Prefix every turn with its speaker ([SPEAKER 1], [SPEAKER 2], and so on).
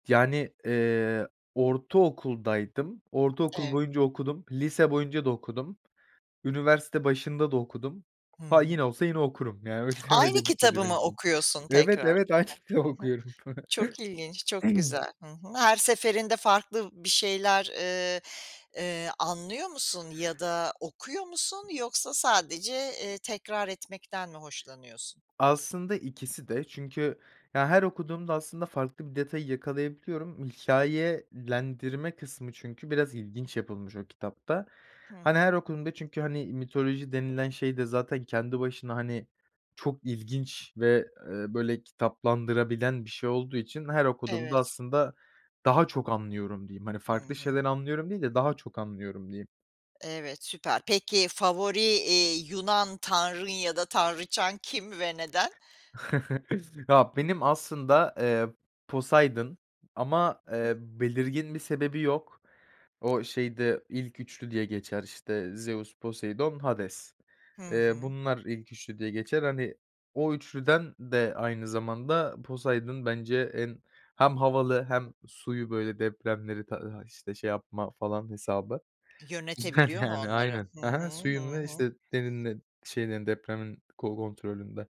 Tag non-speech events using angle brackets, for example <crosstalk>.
[SPEAKER 1] Yani, eee, ortaokuldaydım, ortaokul
[SPEAKER 2] Eee.
[SPEAKER 1] boyunca okudum, lise boyunca da okudum, üniversite başında da okudum.
[SPEAKER 2] Hı
[SPEAKER 1] Ha,
[SPEAKER 2] hı.
[SPEAKER 1] yine olsa yine okurum, yani öy
[SPEAKER 2] Aynı
[SPEAKER 1] öyle bir
[SPEAKER 2] kitabı
[SPEAKER 1] şeydi benim
[SPEAKER 2] mı
[SPEAKER 1] için
[SPEAKER 2] okuyorsun
[SPEAKER 1] Evet,
[SPEAKER 2] tekrar?
[SPEAKER 1] evet, aynı kitabı
[SPEAKER 2] Hani. Hı hı.
[SPEAKER 1] okuyorum. <chuckles>
[SPEAKER 2] Çok ilginç, çok
[SPEAKER 1] <clears throat>
[SPEAKER 2] güzel. Hı hı. Her seferinde farklı bir şeyler, eee, eee, anlıyor musun ya da okuyor musun? Yoksa sadece, eee, tekrar etmekten mi hoşlanıyorsun?
[SPEAKER 1] Aslında ikisi de çünkü, ya, her okuduğumda aslında farklı bir detayı yakalayabiliyorum. Hikâyelendirme kısmı çünkü biraz ilginç yapılmış o kitapta.
[SPEAKER 2] Hı
[SPEAKER 1] Hani,
[SPEAKER 2] hı.
[SPEAKER 1] her okuduğumda çünkü, hani, mitoloji denilen şey de zaten kendi başına, hani, çok ilginç ve, eee, böyle, kitaplaştırılabilen bir şey olduğu için her okuduğumda
[SPEAKER 2] Evet.
[SPEAKER 1] aslında daha çok anlıyorum diyeyim. Hani,
[SPEAKER 2] Hı
[SPEAKER 1] farklı
[SPEAKER 2] hı.
[SPEAKER 1] şeyler anlıyorum değil de daha çok anlıyorum diyeyim.
[SPEAKER 2] Evet, süper. Peki, favori, eee, Yunan tanrın ya da tanrıçan kim ve neden?
[SPEAKER 1] <chuckles> Ha, benim aslında, eee, Poseidon ama,
[SPEAKER 2] Hı hı.
[SPEAKER 1] eee, belirgin bir sebebi yok. O şeyde ilk 3'lü diye geçer, işte, Zeus, Poseidon, Hades.
[SPEAKER 2] Hı
[SPEAKER 1] Eee,
[SPEAKER 2] hı.
[SPEAKER 1] bunlar ilk 3'lü diye geçer. Hani, o 3'lüden de aynı zamanda Poseidon bence en hem havalı hem suyu, böyle, depremleri, tadı hay işte, şey yapma falan hesabı. Güzel,
[SPEAKER 2] Yönetebiliyor mu
[SPEAKER 1] yani.
[SPEAKER 2] onları?
[SPEAKER 1] Aynen.
[SPEAKER 2] Hı
[SPEAKER 1] Ha
[SPEAKER 2] hı,
[SPEAKER 1] ha, suyun
[SPEAKER 2] hı
[SPEAKER 1] ve,
[SPEAKER 2] hı.
[SPEAKER 1] işte, derininin şeylerin depremin ko kontrolünde.